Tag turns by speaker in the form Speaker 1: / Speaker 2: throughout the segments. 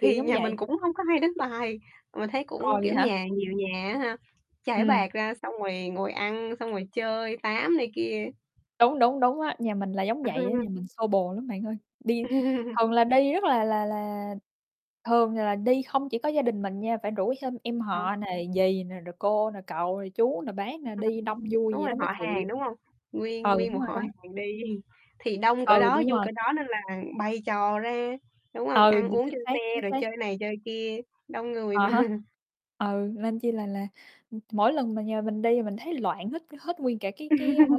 Speaker 1: Kiểu giống
Speaker 2: nhà
Speaker 1: vậy.
Speaker 2: mình cũng hông có hay đánh bài. Mình thấy
Speaker 1: Ồ,
Speaker 2: cũng,
Speaker 1: vậy
Speaker 2: kiểu,
Speaker 1: hả?
Speaker 2: nhà nhiều nhà á ha, trải
Speaker 1: Ừm.
Speaker 2: bạt ra xong rồi ngồi ăn, xong rồi chơi, tám này kia.
Speaker 1: Đúng, đúng, đúng á, nhà mình là giống vậy á. Nhà mình xô bồ lắm bạn ơi, đi thường là đi rất là là là thường là đi không chỉ có gia đình mình nha, phải rủ thêm em
Speaker 2: Hả?
Speaker 1: họ nè, dì nè, rồi cô nè, cậu nè, chú nè, bác nè,
Speaker 2: Ờ,
Speaker 1: đi đông vui
Speaker 2: đúng
Speaker 1: vậy
Speaker 2: rồi,
Speaker 1: đó mới
Speaker 2: họ
Speaker 1: chịu.
Speaker 2: hàng, đúng hông? Nguyên
Speaker 1: Ừ,
Speaker 2: nguyên
Speaker 1: đúng
Speaker 2: một
Speaker 1: rồi
Speaker 2: họ
Speaker 1: đó.
Speaker 2: hàng đi thì đông cỡ
Speaker 1: Ừ,
Speaker 2: đó,
Speaker 1: đúng
Speaker 2: vui
Speaker 1: rồi.
Speaker 2: cỡ đó nên là bày trò ra, đúng
Speaker 1: Ừ,
Speaker 2: hông?
Speaker 1: ừ,
Speaker 2: Ăn uống
Speaker 1: chính
Speaker 2: trên
Speaker 1: xác,
Speaker 2: xe
Speaker 1: chính
Speaker 2: rồi
Speaker 1: xác.
Speaker 2: chơi này chơi kia, đông người
Speaker 1: À
Speaker 2: mà.
Speaker 1: há. Ừ, nên chi là là, ừm, mỗi lần mà nhà mình đi, mình thấy loạn hết hết nguyên cả cái cái, a, cái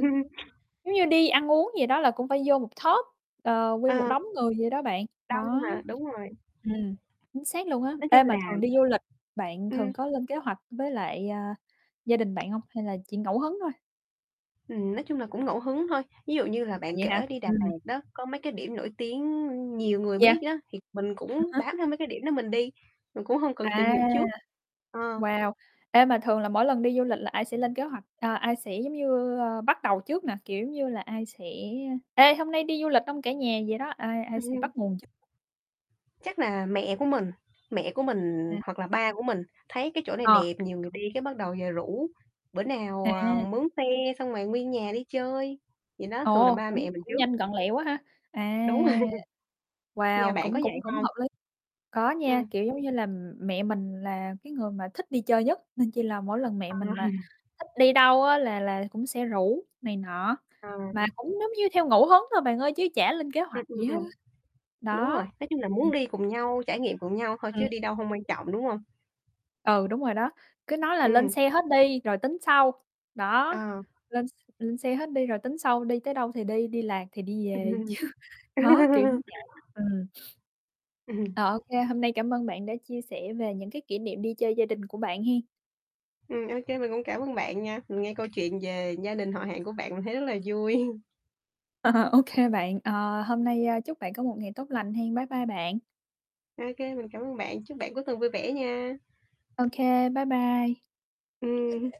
Speaker 1: giống như đi ăn uống gì đó là cũng phải vô một tốp, ờ,
Speaker 2: Ờ,
Speaker 1: nguyên một đống người vậy đó bạn.
Speaker 2: đông
Speaker 1: Đó,
Speaker 2: mà, đúng rồi.
Speaker 1: ừm, chính xác luôn á.
Speaker 2: Nói chung
Speaker 1: Ê, mà
Speaker 2: là
Speaker 1: thường đi du lịch, bạn thường
Speaker 2: ừm.
Speaker 1: có lên kế hoạch với lại, ờ, gia đình bạn hông? Hay là chỉ ngẫu hứng thôi?
Speaker 2: Ừm, nói chung là cũng ngẫu hứng thôi. Ví dụ như là
Speaker 1: À,
Speaker 2: bạn
Speaker 1: vậy hả?
Speaker 2: kể đi Đà
Speaker 1: Ừm.
Speaker 2: Lạt đó, có mấy cái điểm nổi tiếng nhiều người
Speaker 1: Yeah.
Speaker 2: biết đó, thì mình
Speaker 1: À
Speaker 2: cũng
Speaker 1: há
Speaker 2: bám theo mấy cái điểm đó mình đi, mình cũng hông cần tìm
Speaker 1: À,
Speaker 2: hiểu trước. Ờ.
Speaker 1: wow! Ê, mà thường là mỗi lần đi du lịch là ai sẽ lên kế hoạch, ờ, ai sẽ giống như, ơ, bắt đầu trước nè? Kiểu giống như là ai sẽ: "Ê, hôm nay đi du lịch hông cả nhà?" Vậy đó, ai ai
Speaker 2: Ừm.
Speaker 1: sẽ bắt nguồn trước?
Speaker 2: Chắc là mẹ của mình, mẹ của mình,
Speaker 1: Ừm.
Speaker 2: hoặc là ba của mình thấy cái chỗ này
Speaker 1: Ờ.
Speaker 2: đẹp, nhiều người đi, cái bắt đầu về rủ: "Bữa nào, ờ,
Speaker 1: À.
Speaker 2: mướn xe xong rồi nguyên nhà đi chơi." Vậy đó, thường là
Speaker 1: Ồ,
Speaker 2: ba
Speaker 1: cũng
Speaker 2: mẹ mình
Speaker 1: cũng
Speaker 2: trước.
Speaker 1: nhanh gọn lẹ quá ha. À,
Speaker 2: Đúng rồi. Nhà
Speaker 1: wow,
Speaker 2: bạn có
Speaker 1: cũng
Speaker 2: vậy
Speaker 1: cũng cũng
Speaker 2: hông?
Speaker 1: hợp lý. Có nha,
Speaker 2: Ừm.
Speaker 1: kiểu, giống như là, mẹ mình là cái người mà thích đi chơi nhất, nên chi là mỗi lần mẹ
Speaker 2: Ờ.
Speaker 1: mình mà thích đi đâu á, là là cũng sẽ rủ này nọ.
Speaker 2: Ờ, ừm.
Speaker 1: Mà cũng giống như theo ngẫu hứng thôi bạn ơi, chứ chả lên kế
Speaker 2: Ừm,
Speaker 1: hoạch gì
Speaker 2: ừm,
Speaker 1: hết
Speaker 2: ừm.
Speaker 1: á.
Speaker 2: Đúng
Speaker 1: Đó.
Speaker 2: rồi. Nói chung là
Speaker 1: Ừm, ừm.
Speaker 2: muốn đi cùng nhau, trải nghiệm cùng nhau thôi,
Speaker 1: Ừm.
Speaker 2: chứ đi đâu hông quan trọng, đúng hông?
Speaker 1: Ừ, đúng rồi đó, cứ nói là "Lên
Speaker 2: Ừm.
Speaker 1: xe hết đi rồi tính sau." Đó,
Speaker 2: Ờ.
Speaker 1: lên x lên xe hết đi rồi tính sau, đi tới đâu thì đi, đi lạc thì đi về
Speaker 2: Ừm.
Speaker 1: chứ đó, kiểu giống vậy. Ừm.
Speaker 2: Ừm.
Speaker 1: Ờ, OK, hôm nay cảm ơn bạn đã chia sẻ về những cái kỷ niệm đi chơi gia đình của bạn hén.
Speaker 2: Ừm, OK, mình cũng cảm ơn bạn nha. Mình nghe câu chuyện về gia đình họ hàng của bạn, mình thấy rất là vui.
Speaker 1: À, OK bạn. Ờ, hôm nay, ơ, chúc bạn có một ngày tốt lành hén. Bye bye bạn.
Speaker 2: OK, mình cảm ơn bạn, chúc bạn cuối tuần vui vẻ nha.
Speaker 1: OK, bye bye.
Speaker 2: Ừm.